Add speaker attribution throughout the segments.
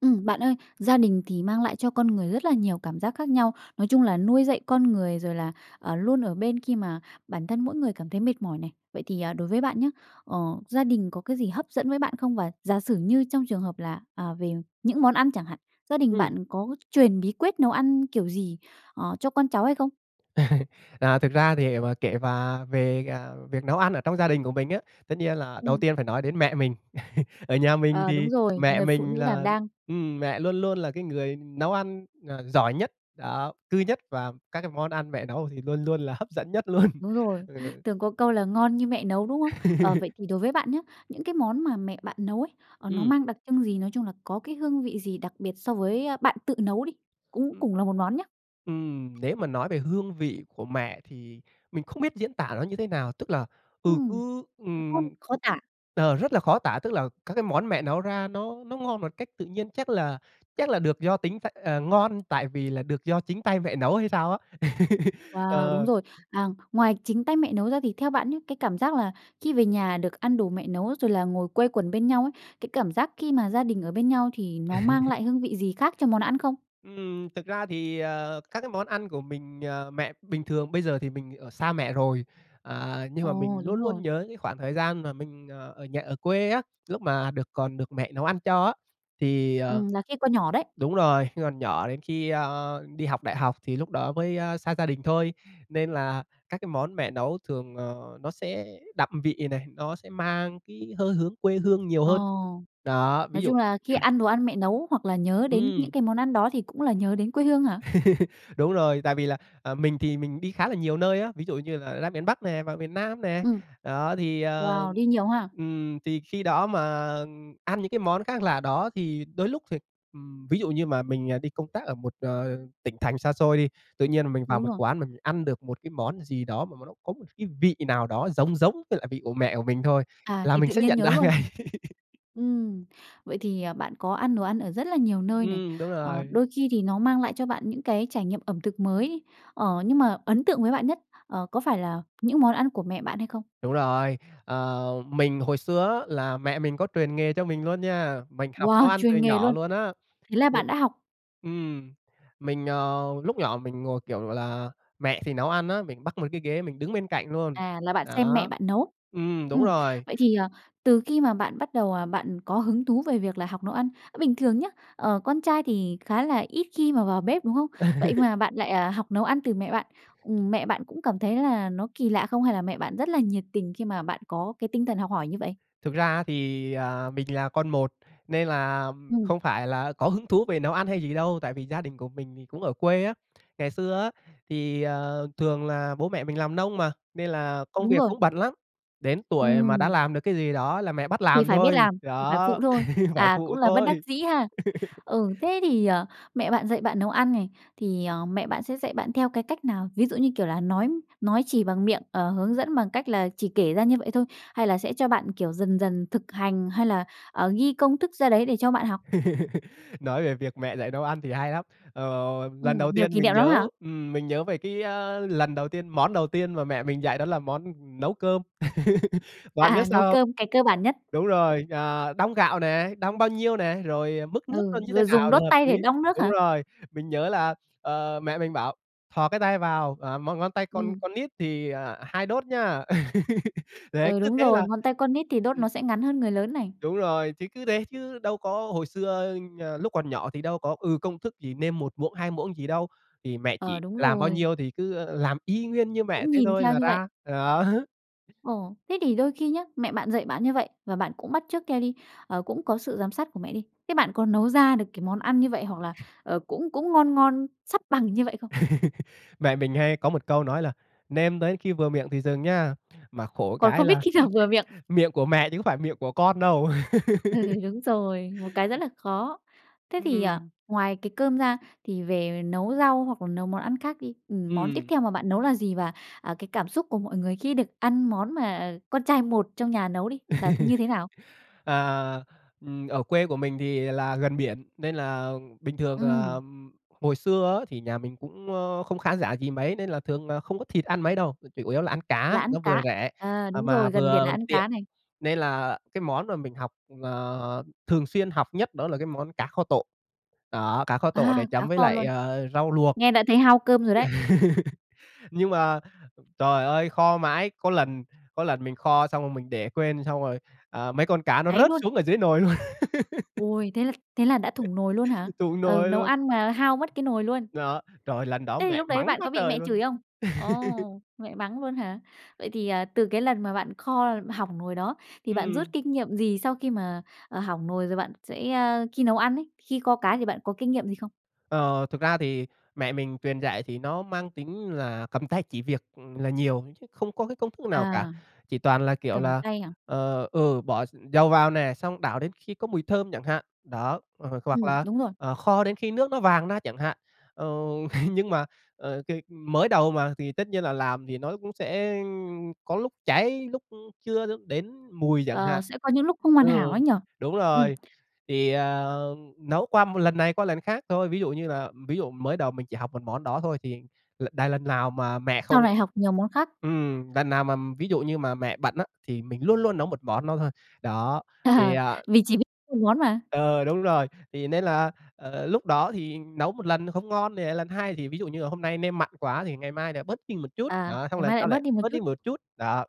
Speaker 1: Ừm, bạn ơi, gia đình thì mang lại cho con người rất là nhiều cảm giác khác nhau, nói chung là nuôi dạy con người, rồi là, ờ, luôn ở bên khi mà bản thân mỗi người cảm thấy mệt mỏi này. Vậy thì, à, đối với bạn nhá, ờ, gia đình có cái gì hấp dẫn với bạn không? Và giả sử như trong trường hợp là, à, về những món ăn chẳng hạn, gia đình
Speaker 2: Ừm.
Speaker 1: bạn có truyền bí quyết nấu ăn kiểu gì, ờ, cho con cháu hay không?
Speaker 2: À, thực ra thì để mà kể và về, ờ, việc nấu ăn ở trong gia đình của mình á, tất nhiên là đầu
Speaker 1: Ừm.
Speaker 2: tiên phải nói đến mẹ mình. Ở nhà mình
Speaker 1: Ờ,
Speaker 2: thì
Speaker 1: đúng rồi,
Speaker 2: mẹ
Speaker 1: người phụ
Speaker 2: mình
Speaker 1: nữ đảm
Speaker 2: là
Speaker 1: đang.
Speaker 2: ưm, mẹ luôn luôn là cái người nấu ăn, à, giỏi nhất, đó. Cư nhất và các cái món ăn mẹ nấu thì luôn luôn là hấp dẫn nhất luôn,
Speaker 1: Đúng rồi.
Speaker 2: ừ.
Speaker 1: Thường có câu là ngon như mẹ nấu, đúng không? Ờ, vậy thì đối với bạn nhá, những cái món mà mẹ bạn nấu ấy, ờ, nó
Speaker 2: Ừm.
Speaker 1: mang đặc trưng gì? Nói chung là có cái hương vị gì đặc biệt so với bạn tự nấu đi, cũng
Speaker 2: Ừm.
Speaker 1: cùng là một món nhá?
Speaker 2: Ừm, nếu mà nói về hương vị của mẹ thì mình không biết diễn tả nó như thế nào. Tức là, ừ,
Speaker 1: Ừm,
Speaker 2: cứ,
Speaker 1: đúng không?
Speaker 2: ừm,
Speaker 1: Khó tả.
Speaker 2: ờ, rất là khó tả, tức là, các cái món mẹ nấu ra nó nó ngon một cách tự nhiên, chắc là chắc là được do tính ph ờ, ngon tại vì là được do chính tay mẹ nấu hay sao á.
Speaker 1: Wow, đúng
Speaker 2: Ờ.
Speaker 1: rồi. À, ngoài chính tay mẹ nấu ra thì theo bạn nhá, cái cảm giác là khi về nhà được ăn đồ mẹ nấu rồi là ngồi quây quần bên nhau ấy, cái cảm giác khi mà gia đình ở bên nhau thì nó mang lại hương vị gì khác cho món ăn không?
Speaker 2: Ừm, thực ra thì, ờ, các cái món ăn của mình ờ, mẹ bình thường bây giờ thì mình ở xa mẹ rồi, ờ, nhưng mà mình
Speaker 1: Ồ,
Speaker 2: luôn
Speaker 1: đúng
Speaker 2: luôn
Speaker 1: rồi.
Speaker 2: nhớ những khoảng thời gian mà mình, ờ, ở nhà, ở quê á lúc mà được còn được mẹ nấu ăn cho á. Thì ờ,
Speaker 1: Ừm, là khi còn nhỏ đấy.
Speaker 2: đúng rồi, còn nhỏ đến khi, ơ, đi học đại học thì lúc đó mới, a, xa gia đình thôi nên là các cái món mẹ nấu thường, ờ, nó sẽ đậm vị này, nó sẽ mang cái hơi hướng quê hương nhiều
Speaker 1: Ờ.
Speaker 2: hơn. Đó, ví
Speaker 1: Nói
Speaker 2: dụ
Speaker 1: chung là khi ăn đồ ăn mẹ nấu hoặc là nhớ đến những
Speaker 2: Ừm.
Speaker 1: cái món ăn đó thì cũng là nhớ đến quê hương hả?
Speaker 2: Đúng rồi, tại vì là, à, mình thì mình đi khá là nhiều nơi á, ví dụ như là ra miền Bắc nè, vào miền Nam nè.
Speaker 1: Ừm.
Speaker 2: Đó thì ờ,
Speaker 1: Wow! Đi nhiều ha?
Speaker 2: ừm, thì khi đó mà ăn những cái món khác lạ đó thì đôi lúc th ừm, ví dụ như mà mình, ờ, đi công tác ở một, ờ, tỉnh thành xa xôi đi, tự nhiên mình vào
Speaker 1: Đúng
Speaker 2: một
Speaker 1: rồi.
Speaker 2: quán mà mình ăn được một cái món gì đó mà mà nó có một cái vị nào đó giống giống với lại vị của mẹ của mình thôi
Speaker 1: À,
Speaker 2: là
Speaker 1: thì
Speaker 2: mình
Speaker 1: tự
Speaker 2: sẽ
Speaker 1: nhiên
Speaker 2: nhận
Speaker 1: nhớ
Speaker 2: ra
Speaker 1: luôn.
Speaker 2: ngay.
Speaker 1: Ừm, vậy thì, à, bạn có ăn đồ ăn ở rất là nhiều nơi này,
Speaker 2: Ừm, đúng
Speaker 1: ờ,
Speaker 2: rồi.
Speaker 1: đôi khi thì nó mang lại cho bạn những cái trải nghiệm ẩm thực mới. Ờ, nhưng mà ấn tượng với bạn nhất, ờ, có phải là những món ăn của mẹ bạn hay không?
Speaker 2: Đúng rồi. Ờ, mình hồi xưa á là mẹ mình có truyền nghề cho mình luôn nha, mình học
Speaker 1: Wow,
Speaker 2: nấu ăn từ
Speaker 1: truyền nghề
Speaker 2: nhỏ
Speaker 1: luôn!
Speaker 2: luôn á.
Speaker 1: Thế là
Speaker 2: Ờ,
Speaker 1: bạn đã học
Speaker 2: ừm, mình ờ, lúc nhỏ mình ngồi, kiểu gọi là, mẹ thì nấu ăn á mình bắc mấy cái ghế mình đứng bên cạnh luôn,
Speaker 1: À, là bạn xem mẹ
Speaker 2: đó.
Speaker 1: bạn nấu.
Speaker 2: Ừm, đúng
Speaker 1: Ừm,
Speaker 2: rồi.
Speaker 1: vậy thì, ờ, từ khi mà bạn bắt đầu, ờ, bạn có hứng thú về việc là học nấu ăn, bình thường nhá, ờ, con trai thì khá là ít khi mà vào bếp, đúng không? Vậy mà bạn lại, à, học nấu ăn từ mẹ bạn. Ừm, mẹ bạn cũng cảm thấy là nó kỳ lạ không hay là mẹ bạn rất là nhiệt tình khi mà bạn có cái tinh thần học hỏi như vậy?
Speaker 2: Thực ra thì, à, mình là con một nên là
Speaker 1: Ừm.
Speaker 2: không phải là có hứng thú về nấu ăn hay gì đâu tại vì gia đình của mình thì cũng ở quê á. Ngày xưa á thì, ờ, thường là bố mẹ mình làm nông mà nên là công
Speaker 1: Đúng
Speaker 2: việc
Speaker 1: rồi.
Speaker 2: cũng bận lắm, đến tuổi mà đã
Speaker 1: Ừm.
Speaker 2: làm được cái gì đó là mẹ bắt
Speaker 1: Thì
Speaker 2: làm
Speaker 1: phải biết
Speaker 2: thôi.
Speaker 1: làm, thì phải
Speaker 2: Đó,
Speaker 1: phụ thôi.
Speaker 2: phải
Speaker 1: À, cũng
Speaker 2: phụ
Speaker 1: là bất đắc
Speaker 2: thôi.
Speaker 1: dĩ ha. Ừ, thế thì, ờ, mẹ bạn dạy bạn nấu ăn này thì, à, mẹ sẽ dạy bạn theo cái cách nào? Ví dụ như kiểu là nói nói chỉ bằng miệng, ờ, hướng dẫn bằng cách là chỉ kể ra như vậy thôi? Hay là sẽ cho bạn, kiểu, dần dần thực hành? Hay là, ờ, ghi công thức ra đấy để cho bạn học?
Speaker 2: Nói về việc mẹ dạy nấu ăn thì hay lắm. Ờ, lần
Speaker 1: Ừm,
Speaker 2: đầu
Speaker 1: nhiều
Speaker 2: tiên
Speaker 1: kỷ
Speaker 2: mình
Speaker 1: niệm lắm
Speaker 2: nhớ
Speaker 1: hả?
Speaker 2: ừm, mình nhớ về cái, a, lần đầu tiên món đầu tiên mà mẹ mình dạy đó là món nấu cơm.
Speaker 1: À,
Speaker 2: Bạn biết
Speaker 1: à, nấu
Speaker 2: sao không?
Speaker 1: cơm, cái cơ bản nhất.
Speaker 2: Đúng rồi, ờ, đong gạo nè, đong bao nhiêu nè? Rồi mức nước nó
Speaker 1: Ừ,
Speaker 2: như thế
Speaker 1: rồi dùng
Speaker 2: nào là
Speaker 1: đốt
Speaker 2: hợp
Speaker 1: tay để
Speaker 2: lý?
Speaker 1: đong nước
Speaker 2: Đúng
Speaker 1: hả?
Speaker 2: rồi, mình nhớ là, ờ, mẹ mình bảo "Thò cái tay vào, ờ, m ngón tay con
Speaker 1: Ừm.
Speaker 2: con nít thì, ờ, 2 đốt nhá." Đấy,
Speaker 1: Ừ,
Speaker 2: cứ
Speaker 1: đúng
Speaker 2: thế
Speaker 1: rồi.
Speaker 2: là
Speaker 1: Ngón tay con nít thì đốt
Speaker 2: Ừm.
Speaker 1: nó sẽ ngắn hơn người lớn này.
Speaker 2: Đúng rồi, chứ cứ thế chứ đâu có hồi xưa, ờ, lúc còn nhỏ thì đâu có, ừ, công thức gì nêm 1 muỗng, 2 muỗng gì đâu, thì mẹ chỉ
Speaker 1: Ờ, đúng
Speaker 2: làm bao
Speaker 1: rồi.
Speaker 2: nhiêu thì cứ, ơ, làm y nguyên như mẹ
Speaker 1: Cũng
Speaker 2: thế
Speaker 1: nhìn
Speaker 2: thôi
Speaker 1: theo
Speaker 2: là
Speaker 1: như vậy?
Speaker 2: ra. Đó.
Speaker 1: Ồ. Thế thì đôi khi nhá, mẹ bạn dạy bạn như vậy và bạn cũng bắt chước theo đi, ờ, cũng có sự giám sát của mẹ đi, thế bạn có nấu ra được cái món ăn như vậy hoặc là, ờ, cũng cũng ngon ngon sắp bằng như vậy không?
Speaker 2: Mẹ mình hay có 1 câu nói là: "Nêm tới khi vừa miệng thì dừng nha!" Mà khổ
Speaker 1: Còn
Speaker 2: cái
Speaker 1: không biết
Speaker 2: là
Speaker 1: khi nào vừa miệng?
Speaker 2: miệng của mẹ chứ có phải miệng của con đâu.
Speaker 1: Ừ, đúng rồi, một cái rất là khó. Thế thì
Speaker 2: Ừm.
Speaker 1: ngoài cái cơm ra thì về nấu rau hoặc nấu món ăn khác đi, ừm, món tiếp
Speaker 2: Ừm.
Speaker 1: theo mà bạn nấu là gì? Và, à, cái cảm xúc của mọi người khi được ăn món mà con trai một trong nhà nấu đi là như thế nào?
Speaker 2: Ờ, ừm, ở quê của mình thì là gần biển nên là bình thường, à,
Speaker 1: Ừm.
Speaker 2: hồi xưa á thì nhà mình cũng, ơ, không khá giả gì mấy nên là thường là không có thịt ăn mấy đâu mà chủ yếu là ăn cá
Speaker 1: Là ăn
Speaker 2: nó vừa
Speaker 1: cá,
Speaker 2: rẻ,
Speaker 1: ờ,
Speaker 2: à,
Speaker 1: đúng
Speaker 2: mà
Speaker 1: rồi, gần biển là
Speaker 2: vừa
Speaker 1: ăn
Speaker 2: tiện
Speaker 1: cá này.
Speaker 2: nên là cái món mà mình học ờ, thường xuyên học nhất đó là cái món cá kho tộ, đó cá kho tộ để
Speaker 1: À, cá
Speaker 2: chấm với
Speaker 1: kho
Speaker 2: lại,
Speaker 1: luôn!
Speaker 2: ờ, rau luộc.
Speaker 1: Nghe đã thấy hao cơm rồi đấy.
Speaker 2: Nhưng mà trời ơi kho mãi có lần có lần mình kho xong rồi mình để quên xong rồi, ờ, mấy con cá nó
Speaker 1: Cháy
Speaker 2: rớt
Speaker 1: luôn.
Speaker 2: xuống ở dưới nồi luôn.
Speaker 1: Ôi, thế là thế là đã thủng nồi luôn hả?
Speaker 2: Thủng
Speaker 1: Ừ,
Speaker 2: nổi
Speaker 1: nấu
Speaker 2: luôn.
Speaker 1: ăn mà hao mất cái nồi luôn?
Speaker 2: Đó, trời ơi lần đó
Speaker 1: Thế thì
Speaker 2: mẹ
Speaker 1: lúc đấy
Speaker 2: mắng
Speaker 1: bạn
Speaker 2: quá
Speaker 1: có bị
Speaker 2: trời
Speaker 1: mẹ
Speaker 2: luôn.
Speaker 1: chửi không? Ồ, mẹ mắng luôn hả? Vậy thì, à, từ cái lần mà bạn kho hỏng nồi đó thì bạn rút
Speaker 2: Ừm.
Speaker 1: kinh nghiệm gì sau khi mà, à, hỏng nồi rồi bạn sẽ a, khi nấu ăn ấy, khi kho cá thì bạn có kinh nghiệm gì không?
Speaker 2: Ờ, thực ra thì mẹ mình truyền dạy thì nó mang tính là cầm tay chỉ việc là nhiều chứ không có cái công thức nào cả,
Speaker 1: À.
Speaker 2: chỉ toàn là kiểu
Speaker 1: Cầm
Speaker 2: là,
Speaker 1: tay hả?
Speaker 2: ờ, ừ, bỏ x dầu vào nè, xong đảo đến khi có mùi thơm chẳng hạn, đó h h hoặc
Speaker 1: Ừm,
Speaker 2: là,
Speaker 1: đúng rồi.
Speaker 2: ờ, kho đến khi nước nó vàng ra chẳng hạn. Ừ, nhưng mà, ờ, c mới đầu mà, thì tất nhiên là làm thì nó cũng sẽ có lúc cháy, lúc chưa lúc đến mùi chẳng
Speaker 1: Ờ,
Speaker 2: hạn.
Speaker 1: sẽ có những lúc không hoàn hảo
Speaker 2: Ừ,
Speaker 1: ấy nhỉ?
Speaker 2: đúng
Speaker 1: Ừm.
Speaker 2: rồi, thì, ờ, nấu qua 1 lần này qua lần khác thôi. Ví dụ như là ví dụ mới đầu mình chỉ học 1 món đó thôi thì l đ lần nào mà mẹ không,
Speaker 1: Sau này học nhiều món khác?
Speaker 2: ừm, lần nào mà ví dụ như mà mẹ bận á thì mình luôn luôn nấu 1 món nó thôi. Đó thì, ờ
Speaker 1: Mình chỉ biết 1 món mà.
Speaker 2: Ờ, đúng rồi. Thì nên là, ờ, lúc đó thì nấu 1 lần không ngon thì lại lần hai. Thì ví dụ như là hôm nay nêm mặn quá thì ngày mai lại bớt đi một chút.
Speaker 1: À,
Speaker 2: Đó xong
Speaker 1: ngày
Speaker 2: rồi lần
Speaker 1: mai lại
Speaker 2: sau
Speaker 1: bớt
Speaker 2: lại
Speaker 1: đi một
Speaker 2: bớt
Speaker 1: chút?
Speaker 2: đi một chút. Đó,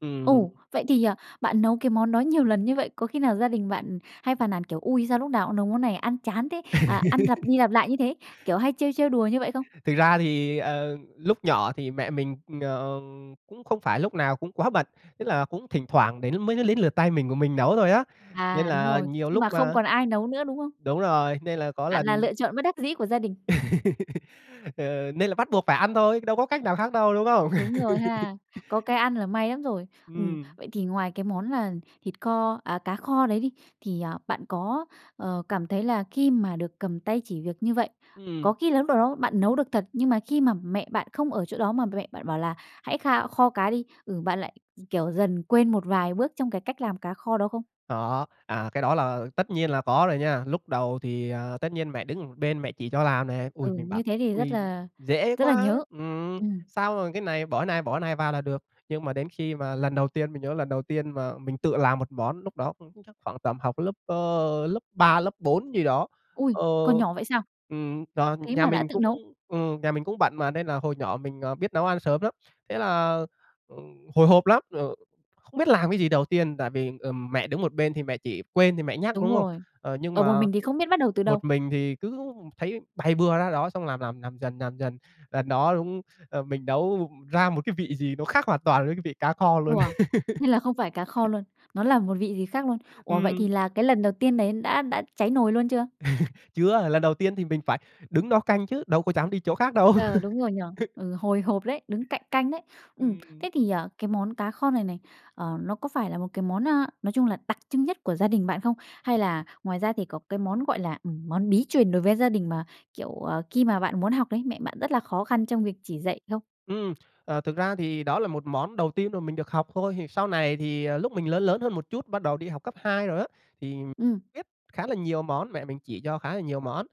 Speaker 2: ừm.
Speaker 1: Ồ. Vậy thì, ờ, bạn nấu cái món đó nhiều lần như vậy, có khi nào gia đình bạn hay phàn nàn kiểu "Ui, sao lúc nào cũng nấu món này ăn chán thế? Ờ, ăn lặp đi lặp lại như thế?" Kiểu hay trêu trêu đùa như vậy không?
Speaker 2: Thực ra thì, ờ, lúc nhỏ thì mẹ mình, ờm, cũng không phải lúc nào cũng quá bận, tức là cũng thỉnh thoảng đến mới đến lượt tay mình của mình nấu thôi á. Nên
Speaker 1: À, đúng
Speaker 2: là
Speaker 1: rồi,
Speaker 2: nhiều
Speaker 1: nhưng
Speaker 2: lúc
Speaker 1: mà không
Speaker 2: a,
Speaker 1: còn ai nấu nữa, đúng không?
Speaker 2: đúng rồi, nên là có
Speaker 1: Bạn
Speaker 2: lần
Speaker 1: là lựa chọn bất đắc dĩ của gia đình.
Speaker 2: Ờ, nên là bắt buộc phải ăn thôi, đâu có cách nào khác đâu, đúng không?
Speaker 1: Đúng rồi ha. Có cái ăn là may lắm rồi. Ừm,
Speaker 2: Ừm.
Speaker 1: vậy thì ngoài cái món là thịt kho, à, cá kho đấy đi, thì, à, bạn có, ờ, cảm thấy là khi mà được cầm tay chỉ việc như vậy,
Speaker 2: Ừm.
Speaker 1: có khi là lúc nào đó bạn nấu được thật nhưng mà khi mà mẹ bạn không ở chỗ đó mà mẹ bạn bảo là: "Hãy kha kho cá đi!" Ừ, bạn lại, kiểu, dần quên một vài bước trong cái cách làm cá kho đó không?
Speaker 2: Có. À, cái đó là tất nhiên là có rồi nha. Lúc đầu thì, ờ, tất nhiên mẹ đứng một bên mẹ chỉ cho làm nè. Ôi,
Speaker 1: Ừ,
Speaker 2: mình bảo
Speaker 1: như thế thì rất
Speaker 2: "Ôi,
Speaker 1: là
Speaker 2: dễ
Speaker 1: rất là
Speaker 2: quá!"
Speaker 1: nhớ.
Speaker 2: Ừm.
Speaker 1: Ừm.
Speaker 2: Sau rồi cái này bỏ này, bỏ này vào là được. Nhưng mà đến khi mà lần đầu tiên mình nhớ lần đầu tiên mà mình tự làm một món lúc đó cũng chắc khoảng tầm học lớp, ơ, lớp 3, lớp 4 gì đó,
Speaker 1: Ôi,
Speaker 2: ơ,
Speaker 1: còn nhỏ vậy sao?
Speaker 2: ưm, do
Speaker 1: Thế
Speaker 2: nhà
Speaker 1: mà đã
Speaker 2: mình
Speaker 1: tự
Speaker 2: cũng
Speaker 1: nấu.
Speaker 2: ừm, nhà mình cũng bận mà nên là hồi nhỏ mình, ờ, biết nấu ăn sớm lắm, thế là, ừm, hồi hộp lắm, ờ, không biết làm cái gì đầu tiên tại vì, ừm, mẹ đứng một bên thì mẹ chỉ, quên thì mẹ nhắc,
Speaker 1: Đúng
Speaker 2: đúng hông?
Speaker 1: rồi.
Speaker 2: Ờ, nhưng
Speaker 1: Ở một
Speaker 2: mà
Speaker 1: mình thì không biết bắt đầu từ đâu.
Speaker 2: một mình thì cứ thấy bày bừa ra đó xong làm, làm, làm dần, làm dần. Lần đó đúng, ờ, mình nấu ra một cái vị gì nó khác hoàn toàn với cái vị cá kho luôn.
Speaker 1: Wow! Nên là không phải cá kho luôn? Nó là một vị gì khác luôn? Ủa, vậy
Speaker 2: Ừm.
Speaker 1: thì là cái lần đầu tiên đấy đã đã cháy nồi luôn chưa?
Speaker 2: Chưa, lần đầu tiên thì mình phải đứng đó canh chứ, đâu có dám đi chỗ khác đâu.
Speaker 1: Ờ, đúng rồi nhỉ? Ừ, hồi hộp đấy, đứng cạnh canh đấy. Ừm,
Speaker 2: Ừm.
Speaker 1: thế thì cái món cá kho này này, ờ, nó có phải là một cái món, a, nói chung là đặc trưng nhất của gia đình bạn không? Hay là ngoài ra thì có cái món gọi là, ừm, món bí truyền đối với gia đình mà, kiểu, khi mà bạn muốn học đấy, mẹ bạn rất là khó khăn trong việc chỉ dạy không?
Speaker 2: Ừm. Ờ, thực ra thì đó là một món đầu tiên mà mình được học thôi thì sau này thì, ờ, lúc mà mình lớn lớn hơn một chút thì bắt đầu đi học cấp 2 rồi á thì
Speaker 1: Ừm.
Speaker 2: biết khá là nhiều món, mẹ mình chỉ cho khá là nhiều món.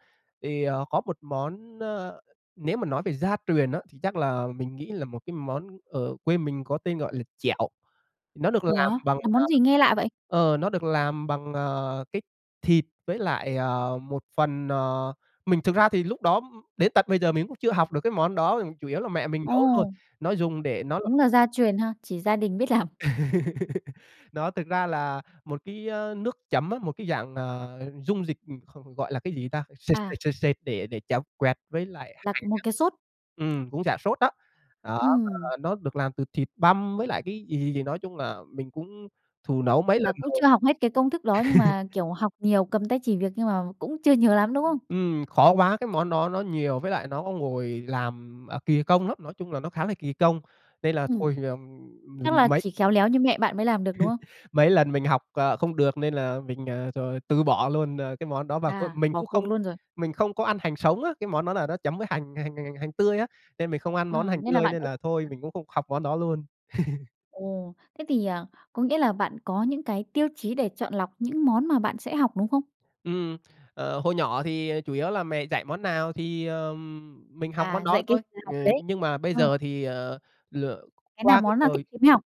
Speaker 2: Thì, ờ, có một món, ơ, nếu mà nói về gia truyền á thì chắc là mình nghĩ là một cái món ở quê mình có tên gọi là chẻo. Nó được
Speaker 1: Ủa,
Speaker 2: làm bằng
Speaker 1: là
Speaker 2: ờ,
Speaker 1: món gì nghe lạ vậy?
Speaker 2: ờ, nó được làm bằng, ờ, cái thịt với lại, ờ, một phần ờ, mình thực ra thì lúc đó đến tận bây giờ mình cũng chưa học được cái món đó, chủ yếu là mẹ mình nấu thôi.
Speaker 1: Ồ.
Speaker 2: Nó dùng để nó
Speaker 1: Đúng là gia truyền ha, chỉ gia đình biết làm.
Speaker 2: Đó thực ra là một cái, a, nước chấm á, một cái dạng, ờ, dung dịch, không, không gọi là cái gì ta? Sệt
Speaker 1: À.
Speaker 2: sệt sệt sệt để để chấm quẹt với lại
Speaker 1: Là
Speaker 2: hành
Speaker 1: một
Speaker 2: á.
Speaker 1: cái xốt?
Speaker 2: Ừm, cũng dạng xốt đó. Đó,
Speaker 1: Ừm.
Speaker 2: ờ, nó được làm từ thịt băm với lại cái gì gì gì nói chung là mình cũng thử nấu mấy
Speaker 1: Là
Speaker 2: lần
Speaker 1: cũng
Speaker 2: rồi.
Speaker 1: chưa học hết cái công thức đó nhưng mà, kiểu, học nhiều, cầm tay chỉ việc nhưng mà cũng chưa nhớ lắm, đúng không?
Speaker 2: [unintelligible] Ừm, khó quá. Cái món đó nó nhiều, với lại nó ngồi làm, à, kì công lắm. Nói chung là nó khá là kì công nên là
Speaker 1: Ừm.
Speaker 2: thôi, ừm,
Speaker 1: Chắc là
Speaker 2: mấy
Speaker 1: chỉ khéo léo như mẹ bạn mới làm được, đúng không?
Speaker 2: Mấy lần mình học, ờ, không được nên là mình, ờ, rồi từ bỏ luôn, à, cái món đó. Và c
Speaker 1: À,
Speaker 2: mình
Speaker 1: bỏ
Speaker 2: cũng
Speaker 1: cuộc
Speaker 2: không
Speaker 1: luôn rồi.
Speaker 2: mình không có ăn hành sống á, cái món đó là nó chấm với hành hành hành hành hành tươi á nên mình không ăn
Speaker 1: Ờ,
Speaker 2: món hành
Speaker 1: nên là
Speaker 2: tươi,
Speaker 1: bạn
Speaker 2: nên
Speaker 1: cũng
Speaker 2: là thôi
Speaker 1: [unintelligible]
Speaker 2: mình cũng không học món đó luôn.
Speaker 1: Ồ. Thế thì, ờ, có nghĩa là bạn có những cái tiêu chí để chọn lọc những món mà bạn sẽ học, đúng không?
Speaker 2: Ừm. Ờ, hồi nhỏ thì chủ yếu là mẹ dạy món nào thì, ờm, mình học món
Speaker 1: À,
Speaker 2: đó
Speaker 1: dạy cái
Speaker 2: thôi.
Speaker 1: gì
Speaker 2: Ờ,
Speaker 1: học cái đấy?
Speaker 2: nhưng mà bây
Speaker 1: Ờ.
Speaker 2: giờ thì, ờ,
Speaker 1: Cái nào
Speaker 2: qua cái
Speaker 1: món nào thích
Speaker 2: thời
Speaker 1: thì mới học?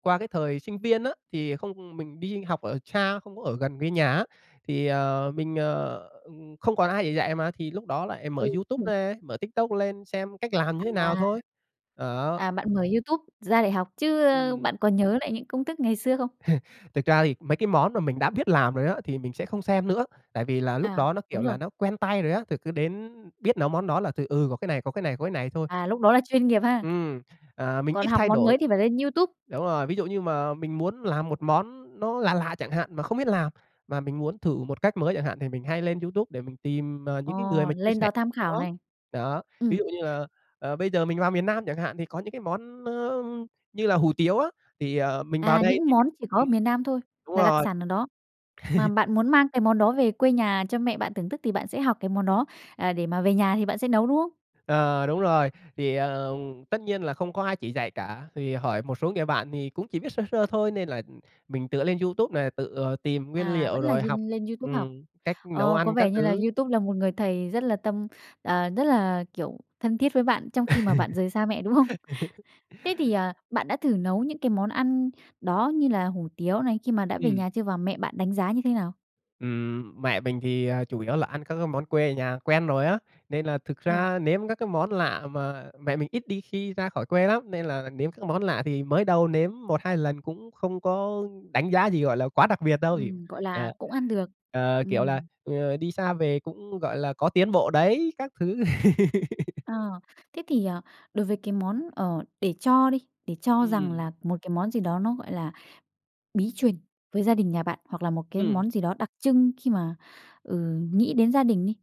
Speaker 2: qua cái thời sinh viên á thì không mình đi học ở xa không có ở gần với nhà á thì, ờ, mình, ờ, ừm, không còn ai để dạy mà thì lúc đó lại mở
Speaker 1: Ừ,
Speaker 2: YouTube
Speaker 1: đúng rồi.
Speaker 2: ra, mở TikTok lên xem cách làm như thế nào
Speaker 1: À.
Speaker 2: thôi. Đó.
Speaker 1: À, bạn mở YouTube ra để học chứ
Speaker 2: Ừm.
Speaker 1: bạn có nhớ lại những công thức ngày xưa không?
Speaker 2: Thực ra thì mấy cái món mà mình đã biết làm rồi á thì mình sẽ không xem nữa, tại vì là lúc
Speaker 1: À,
Speaker 2: đó nó
Speaker 1: đúng
Speaker 2: kiểu là
Speaker 1: rồi.
Speaker 2: nó quen tay rồi á thì cứ đến biết nấu món đó là thì, ừ, có cái này, có cái này, có cái này thôi.
Speaker 1: À, lúc đó là chuyên nghiệp ha.
Speaker 2: Ừm. Ờ, mình
Speaker 1: Còn
Speaker 2: ít
Speaker 1: học
Speaker 2: thay
Speaker 1: món
Speaker 2: đổi.
Speaker 1: mới thì phải lên YouTube?
Speaker 2: Đúng rồi, ví dụ như mà mình muốn làm 1 món nó lạ lạ chẳng hạn mà không biết làm mà mình muốn thử 1 cách mới chẳng hạn thì mình hay lên YouTube để mình tìm, ờ,
Speaker 1: Ờ,
Speaker 2: những cái người mà chia
Speaker 1: lên
Speaker 2: sẻ
Speaker 1: đó tham
Speaker 2: món
Speaker 1: khảo này.
Speaker 2: đó. Đó, ví
Speaker 1: Ừm.
Speaker 2: dụ như là, ờ, bây giờ mình vào miền Nam chẳng hạn, thì có những cái món, ơ, như là hủ tiếu á thì, ờ, mình vào
Speaker 1: À,
Speaker 2: đây
Speaker 1: những
Speaker 2: thì
Speaker 1: món chỉ có ở
Speaker 2: ừm.
Speaker 1: miền Nam thôi
Speaker 2: Đúng
Speaker 1: là đặc
Speaker 2: rồi.
Speaker 1: sản ở đó, mà bạn muốn mang cái món đó về quê nhà cho mẹ bạn thưởng thức thì bạn sẽ học cái món đó, à, để mà về nhà thì bạn sẽ nấu, đúng không?
Speaker 2: Ờ, đúng rồi, thì, ờm, tất nhiên là không có ai chỉ dạy cả vì hỏi một số người bạn thì cũng chỉ biết sơ sơ thôi nên là mình tựa lên YouTube nè, tự, ờ, tìm nguyên
Speaker 1: À,
Speaker 2: liệu,
Speaker 1: vẫn là
Speaker 2: rồi học,
Speaker 1: nhên lên YouTube học?
Speaker 2: ừm, cách nấu
Speaker 1: Ồ, có
Speaker 2: ăn các
Speaker 1: vẻ như là
Speaker 2: thứ.
Speaker 1: YouTube là một người thầy rất là tâm à, rất là, kiểu, thân thiết với bạn trong khi mà bạn rời xa mẹ, đúng không? Thế thì, à, bạn đã thử nấu những cái món ăn đó như là hủ tiếu này khi mà đã về
Speaker 2: Ừm.
Speaker 1: nhà chưa và mẹ bạn đánh giá như thế nào?
Speaker 2: Ừm, mẹ mình thì chủ yếu là ăn các cái món quê ở nhà quen rồi á nên là thực
Speaker 1: Ờ.
Speaker 2: ra nếm các cái món lạ mà mẹ mình ít đi khi ra khỏi quê lắm nên là nếm các cái món lạ thì mới đầu nếm 1-2 lần cũng không có đánh giá gì gọi là quá đặc biệt đâu,
Speaker 1: Ừm, gọi là
Speaker 2: ờ,
Speaker 1: cũng ăn được.
Speaker 2: ờ, kiểu là,
Speaker 1: Ừm.
Speaker 2: ờ, đi xa về cũng, gọi là, có tiến bộ đấy các thứ.
Speaker 1: À. Thế thì, à, đối với cái món, ờ, để cho đi để cho rằng
Speaker 2: Ừm.
Speaker 1: là một cái món gì đó nó, gọi là, bí truyền với gia đình nhà bạn, hoặc là một cái
Speaker 2: Ừm.
Speaker 1: món gì đó đặc trưng khi mà, ừ, nghĩ đến gia đình đi,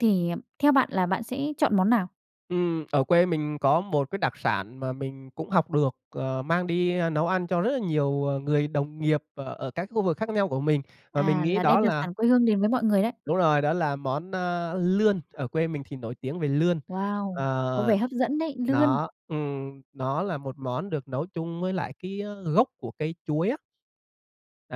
Speaker 1: thì theo bạn là bạn sẽ chọn món nào?
Speaker 2: Ừm. Ở quê mình có một cái đặc sản mà mình cũng học được, ờ, mang đi nấu ăn cho rất là nhiều người đồng nghiệp ở ở các khu vực khác nhau của mình mà mình
Speaker 1: À,
Speaker 2: nghĩ
Speaker 1: là
Speaker 2: đó
Speaker 1: đem đặc
Speaker 2: là
Speaker 1: sản quê hương đến với mọi người đấy.
Speaker 2: Đúng rồi, đó là món, a, lươn. Ở quê mình thì nổi tiếng về lươn.
Speaker 1: Wow! Có
Speaker 2: Ờ,
Speaker 1: vẻ hấp dẫn đấy, lươn.
Speaker 2: nó ừm, nó là một món được nấu chung với lại cái, a, gốc của cây chuối á.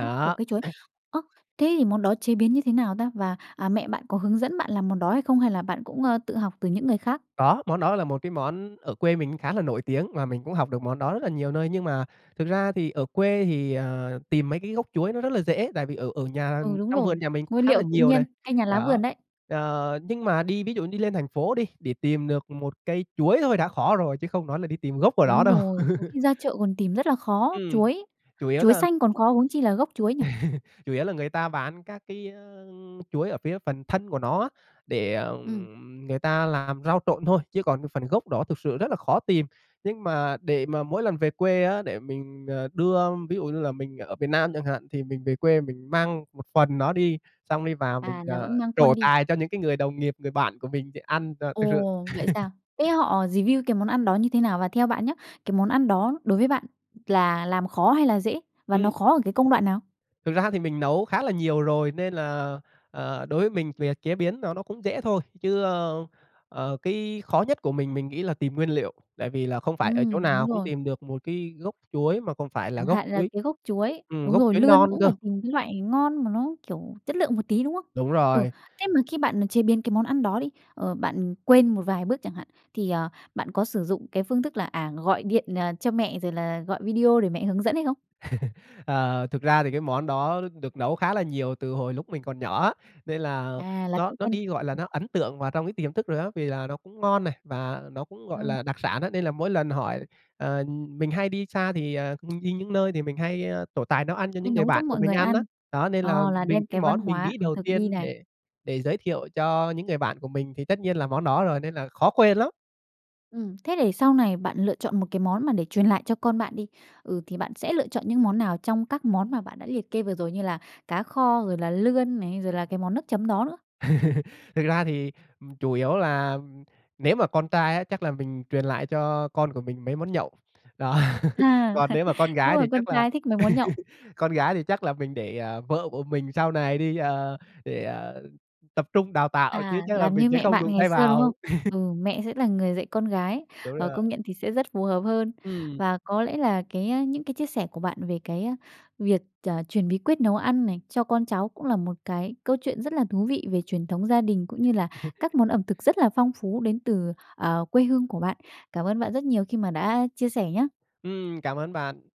Speaker 1: Gốc của cây chuối. Ơ, thế thì món đó chế biến như thế nào ta? Và, à, mẹ bạn có hướng dẫn bạn làm món đó hay không hay là bạn cũng, ơ, tự học từ những người khác?
Speaker 2: Có, món đó là một cái món ở quê mình cũng khá là nổi tiếng mà mình cũng học được, món đó rất là nhiều nơi. Nhưng mà thực ra thì ở quê thì, ờ, tìm mấy cái gốc chuối nó rất là dễ, tại vì ở ở nhà
Speaker 1: Ừ, đúng
Speaker 2: trong
Speaker 1: rồi.
Speaker 2: vườn nhà mình cũng
Speaker 1: Nguyên
Speaker 2: khá là
Speaker 1: liệu tự
Speaker 2: nhiều
Speaker 1: nhiên,
Speaker 2: này,
Speaker 1: cây nhà lá
Speaker 2: đó.
Speaker 1: vườn đấy.
Speaker 2: Ờ, nhưng mà đi ví dụ đi lên thành phố đi để tìm được một cây chuối thôi đã khó rồi chứ không nói là đi tìm gốc của nó
Speaker 1: Đúng
Speaker 2: đâu.
Speaker 1: rồi. Có khi ra chợ còn tìm rất là khó
Speaker 2: Ừm,
Speaker 1: chuối
Speaker 2: chủ yếu
Speaker 1: chuối
Speaker 2: là
Speaker 1: xanh còn khó huống chi là gốc chuối nhỉ?
Speaker 2: Chủ yếu là người ta bán các cái, ơ, chuối ở phía phần thân của nó á để,
Speaker 1: Ừm.
Speaker 2: ừm, người ta làm rau trộn thôi chứ còn phần gốc đó thực sự rất là khó tìm. Nhưng mà để mà mỗi lần về quê á để mình, ờ, đưa ví dụ như là mình ở miền Nam chẳng hạn thì mình về quê mình mang một phần nó đi xong đi vào mình,
Speaker 1: À, là vẫn
Speaker 2: ờ,
Speaker 1: mang
Speaker 2: trổ
Speaker 1: khuôn đi?
Speaker 2: tài cho những cái người đồng nghiệp, người bạn của mình thì ăn, ờ, thực sự
Speaker 1: Ồ, vậy sao? Thế họ review cái món ăn đó như thế nào? Và theo bạn nhớ cái món ăn đó đối với bạn là làm khó hay là dễ? Và nó
Speaker 2: Ừm.
Speaker 1: khó ở cái công đoạn nào?
Speaker 2: Thực ra thì mình nấu khá là nhiều rồi nên là, ờ, đối với mình chuyện chế biến nó nó cũng dễ thôi chứ, ơ, ờ, cái khó nhất của mình mình nghĩ là tìm nguyên liệu tại vì là không phải ở chỗ
Speaker 1: Ừm,
Speaker 2: nào
Speaker 1: đúng
Speaker 2: cũng
Speaker 1: rồi.
Speaker 2: tìm được một cái gốc chuối mà còn phải là
Speaker 1: Chẳng
Speaker 2: gốc
Speaker 1: hạn là
Speaker 2: chuối
Speaker 1: cái gốc chuối
Speaker 2: ừm,
Speaker 1: đúng
Speaker 2: gốc
Speaker 1: rồi,
Speaker 2: chuối
Speaker 1: lươn
Speaker 2: non
Speaker 1: cũng
Speaker 2: cơ.
Speaker 1: phải tìm cái loại ngon mà nó kiểu chất lượng một tí, đúng không?
Speaker 2: Đúng
Speaker 1: Ừ,
Speaker 2: rồi.
Speaker 1: thế mà khi bạn chế biến cái món ăn đó đi, ờ, bạn quên một vài bước chẳng hạn, thì, ờ, bạn có sử dụng cái phương thức là, à, gọi điện, ờ, cho mẹ rồi là gọi video để mẹ hướng dẫn hay không?
Speaker 2: Ờ, thực ra thì cái món đó được nấu khá là nhiều từ hồi lúc mình còn nhỏ á, nên là
Speaker 1: À, là
Speaker 2: nó
Speaker 1: cũng
Speaker 2: nó
Speaker 1: quen
Speaker 2: đi gọi là,
Speaker 1: dần.
Speaker 2: nó ấn tượng vào trong cái tiềm thức rồi á, vì là nó cũng ngon này và nó cũng, gọi
Speaker 1: Đúng rồi.
Speaker 2: là, đặc sản á nên là mỗi lần hỏi, ờ, mình hay đi xa thì, ờ, mình đi những nơi thì mình hay trổ tài nấu ăn cho những
Speaker 1: Mình
Speaker 2: người
Speaker 1: nấu cho
Speaker 2: bạn của
Speaker 1: mọi
Speaker 2: mình
Speaker 1: người
Speaker 2: ăn á.
Speaker 1: ăn,
Speaker 2: Đó nên là
Speaker 1: ờ, là
Speaker 2: mình
Speaker 1: đem
Speaker 2: cái
Speaker 1: cái văn
Speaker 2: món mình
Speaker 1: hóa
Speaker 2: nghĩ
Speaker 1: ẩm
Speaker 2: đầu
Speaker 1: thực đi
Speaker 2: tiên
Speaker 1: này.
Speaker 2: để để giới thiệu cho những người bạn của mình thì tất nhiên là món đó rồi nên là khó quên lắm.
Speaker 1: Ừm. Thế để sau này bạn lựa chọn một cái món mà để truyền lại cho con bạn đi, ừ, thì bạn sẽ lựa chọn những món nào trong các món mà bạn đã liệt kê vừa rồi? Như là cá kho, rồi là lươn này, rồi là cái món nước chấm đó nữa?
Speaker 2: Thực ra thì chủ yếu là nếu mà con trai á chắc là mình truyền lại cho con của mình mấy món nhậu, đó.
Speaker 1: À,
Speaker 2: Còn nếu mà con
Speaker 1: đúng
Speaker 2: gái
Speaker 1: rồi.
Speaker 2: thì
Speaker 1: Con
Speaker 2: chắc là
Speaker 1: trai thích mấy món nhậu.
Speaker 2: con gái thì chắc là mình để, ờ, vợ của mình sau này đi, ờ, để tập trung đào tạo, chứ
Speaker 1: À,
Speaker 2: chắc là
Speaker 1: làm
Speaker 2: mình
Speaker 1: như
Speaker 2: sẽ
Speaker 1: mẹ
Speaker 2: không
Speaker 1: bạn
Speaker 2: đụng
Speaker 1: ngày
Speaker 2: tay
Speaker 1: xưa, đúng không?
Speaker 2: vào.
Speaker 1: Ừ, mẹ sẽ là người dạy con gái,
Speaker 2: Đúng
Speaker 1: ờ,
Speaker 2: rồi.
Speaker 1: công nhận thì sẽ rất phù hợp hơn.
Speaker 2: Ừm.
Speaker 1: Và có lẽ là cái những cái chia sẻ của bạn về cái việc, ờ, truyền bí quyết nấu ăn này cho con cháu cũng là một cái câu chuyện rất là thú vị về truyền thống gia đình, cũng như là các món ẩm thực rất là phong phú đến từ, ờ, quê hương của bạn. Cảm ơn bạn rất nhiều khi mà đã chia sẻ nhá!
Speaker 2: Ừm, cảm ơn bạn.